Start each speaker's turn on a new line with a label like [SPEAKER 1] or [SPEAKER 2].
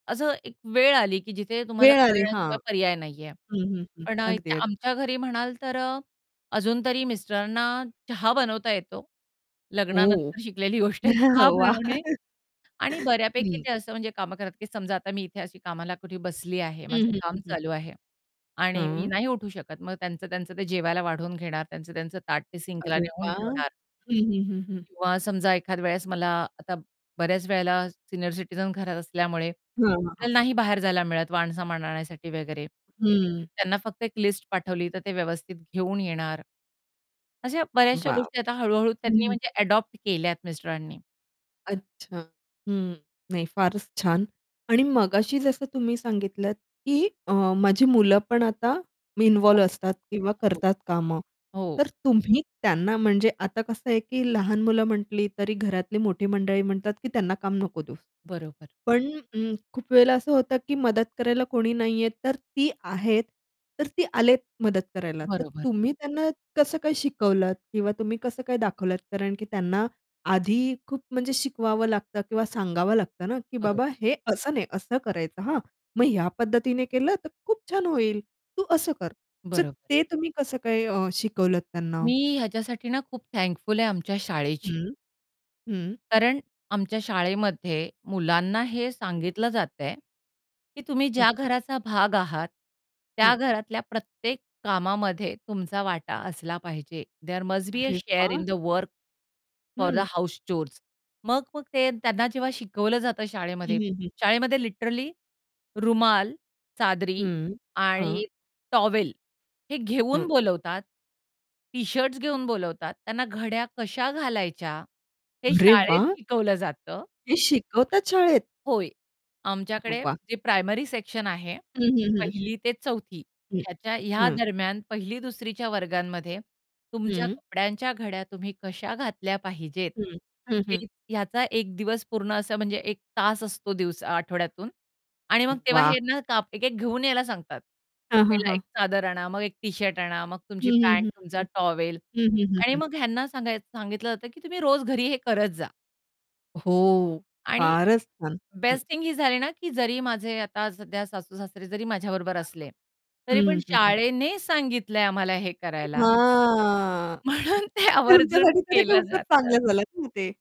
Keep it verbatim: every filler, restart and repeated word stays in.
[SPEAKER 1] असं एक वेळ आली की जिथे तुम्हाला
[SPEAKER 2] वेळ आली, हां.
[SPEAKER 1] करण्याशिवाय पर्याय नाहीये.
[SPEAKER 2] हं, हं, हं.
[SPEAKER 1] पण अ, इथे
[SPEAKER 2] अगदी, अगदी.
[SPEAKER 1] आमच्या घरी म्हणाल तर अ, अजून तरी मिस्टरांना चहा बनवता येतो.
[SPEAKER 2] ओह!
[SPEAKER 1] लग्नानंतर शिकलेली गोष्ट आहे चहा
[SPEAKER 2] वाह!
[SPEAKER 1] बनवणे आणि
[SPEAKER 2] हं.
[SPEAKER 1] बऱ्यापैकी
[SPEAKER 2] हं.
[SPEAKER 1] ते असं म्हणजे कामं करत की समजा आता मी इथे अशी कामाला कुठे बसली आहे, माझं
[SPEAKER 2] हं, हं,
[SPEAKER 1] काम
[SPEAKER 2] हं.
[SPEAKER 1] चालू आहे आणि मी
[SPEAKER 2] हं.
[SPEAKER 1] नाही उठू शकत. मग त्यांचं त्यांचं ते जेवायला वाढवून घेणार, त्यांचं त्यांचं ताट ते सिंकला
[SPEAKER 2] अरे
[SPEAKER 1] नेऊन
[SPEAKER 2] वाह!
[SPEAKER 1] ठेवणार.
[SPEAKER 2] हं, हं, हं, हं.
[SPEAKER 1] किंवा समजा एखाद वेळेस मला आता बऱ्याच वेळेला सीनियर सिटीझन घरात असल्यामुळे
[SPEAKER 2] हां, हां, हां.
[SPEAKER 1] आपल्याला नाही बाहेर जायला मिळत वाण-सामान आणण्यासाठी वगैरे.
[SPEAKER 2] हं.
[SPEAKER 1] त्यांना फक्त एक लिस्ट पाठवली, तर ते व्यवस्थित घेऊन येणार. अशा बऱ्याचश्या
[SPEAKER 2] वाव!
[SPEAKER 1] गोष्टी आता हळू-हळू
[SPEAKER 2] हं,
[SPEAKER 1] त्यांनी
[SPEAKER 2] हं.
[SPEAKER 1] म्हणजे अडॉप्ट केल्यात मिस्टरांनी.
[SPEAKER 2] अच्छा. हं. नाही फारच छान आणि मगाशी जसं तुम्ही सांगितलत की अ, माझी मुलं पण आता
[SPEAKER 1] [unintelligible] हो,
[SPEAKER 2] इन्व्हॉल्व असतात किंवा
[SPEAKER 1] हो.
[SPEAKER 2] करतात कामं.
[SPEAKER 1] हो.
[SPEAKER 2] तर तुम्ही त्यांना म्हणजे आता कसं आहे की लहान मुलं म्हटली, तरी घरातली मोठी मंडळी म्हणतात की, "त्यांना काम नको देऊस."
[SPEAKER 1] बरोबर.
[SPEAKER 2] पण अं, खूप वेळेला असं होतं की मदत करायला कोणी नाहीये, तर ती आहेत. तर ती आलेत मदत करायला, तर
[SPEAKER 1] बरोबर.
[SPEAKER 2] तुम्ही त्यांना कसं काय शिकवलत किंवा तुम्ही कसं काय दाखवलत? कारण की त्यांना आधी खूप म्हणजे शिकवावं लागतं किंवा सांगावं लागतं ना की,
[SPEAKER 1] बरोबर.
[SPEAKER 2] "बाबा, हे असं नाही असं करायचं, हां. मग ह्या पद्धतीने केलं तर खूप छान होईल. तू असं कर." तर
[SPEAKER 1] बरोबर.
[SPEAKER 2] ते तुम्ही कसं काय अ, शिकवलत त्यांना?
[SPEAKER 1] मी ह्याच्यासाठी ना खूप थँकफुल आहे आमच्या शाळेची.
[SPEAKER 2] हं. हं.
[SPEAKER 1] कारण आमच्या शाळेमध्ये मुलांना हे
[SPEAKER 2] [unintelligible]
[SPEAKER 1] सांगितलं जातंय की तुम्ही ज्या
[SPEAKER 2] अच्छा.
[SPEAKER 1] घराचा भाग आहात,
[SPEAKER 2] हं.
[SPEAKER 1] त्या घरातल्या प्रत्येक कामामध्ये तुमचा वाटा असला पाहिजे. देअर मस्ट बी अ
[SPEAKER 2] अरे
[SPEAKER 1] शेअर इन
[SPEAKER 2] वाह!
[SPEAKER 1] द वर्क फॉर द
[SPEAKER 2] हं.
[SPEAKER 1] House chores. मग मग ते त्यांना जेव्हा शिकवलं जातं
[SPEAKER 2] हं,
[SPEAKER 1] शाळेमध्ये
[SPEAKER 2] हं, हं.
[SPEAKER 1] शाळेमध्ये लिटरली रुमाल, चादरी
[SPEAKER 2] हं, हां.
[SPEAKER 1] आणि टॉवेल हे घेऊन
[SPEAKER 2] हं.
[SPEAKER 1] बोलवतात. टी-शर्ट्स घेऊन बोलावतात त्यांना घड्या कश्या घालायच्या हे
[SPEAKER 2] अरे
[SPEAKER 1] शाळेत
[SPEAKER 2] वाह!
[SPEAKER 1] शिकवलं जातं.
[SPEAKER 2] हे शिकवतात शाळेत?
[SPEAKER 1] होय. आमच्याकडे
[SPEAKER 2] वाह!
[SPEAKER 1] जे प्रायमरी सेक्शन आहे,
[SPEAKER 2] हं, हं, हं.
[SPEAKER 1] पहिली ते चौथी
[SPEAKER 2] हं,
[SPEAKER 1] ह्याच्या ह्या
[SPEAKER 2] हां.
[SPEAKER 1] दरम्यान पहिली दुसरी च्या वर्गांमध्ये तुमच्या
[SPEAKER 2] हं.
[SPEAKER 1] कपड्यांच्या घड्या तुम्ही कशा घातल्या पाहिजेत,
[SPEAKER 2] हं. हं, हं.
[SPEAKER 1] हे ह्याचा एक दिवस पूर्ण असा म्हणजे एक तास असतो दिवसा आठवड्यातून आणि मग तेव्हा
[SPEAKER 2] वाह!
[SPEAKER 1] हे ना, आप एक-एक घेऊन यायला सांगतात.
[SPEAKER 2] हां, हां,
[SPEAKER 1] पहिला
[SPEAKER 2] हां.
[SPEAKER 1] एक चादर आणा, मग एक टी-शर्ट आणा, मग तुमची
[SPEAKER 2] हं, हं,
[SPEAKER 1] पँट,
[SPEAKER 2] हं,
[SPEAKER 1] तुमचा
[SPEAKER 2] हं.
[SPEAKER 1] टॉवेल
[SPEAKER 2] हं, हं, हं,
[SPEAKER 1] आणि
[SPEAKER 2] हं.
[SPEAKER 1] मग ह्यांना सांगायचं सांगितलं जातं की तुम्ही रोज घरी हे करत जा.
[SPEAKER 2] हो,
[SPEAKER 1] आणि
[SPEAKER 2] फारच छान. हं.
[SPEAKER 1] बेस्ट थिंग ही झाली ना की जरी माझे आता सध्या सासू-सासरे जरी माझ्याबरोबर असले,
[SPEAKER 2] [unintelligible] हं,
[SPEAKER 1] तरी पण
[SPEAKER 2] हं, हं, हं.
[SPEAKER 1] शाळेने सांगितलंय आम्हाला हे
[SPEAKER 2] अ,
[SPEAKER 1] करायला
[SPEAKER 2] हां.
[SPEAKER 1] म्हणून ते आवर्जून
[SPEAKER 2] तुमच्यासाठी तर हे
[SPEAKER 1] केलं
[SPEAKER 2] खूपच
[SPEAKER 1] जातं.
[SPEAKER 2] चांगलं झालं ना ते.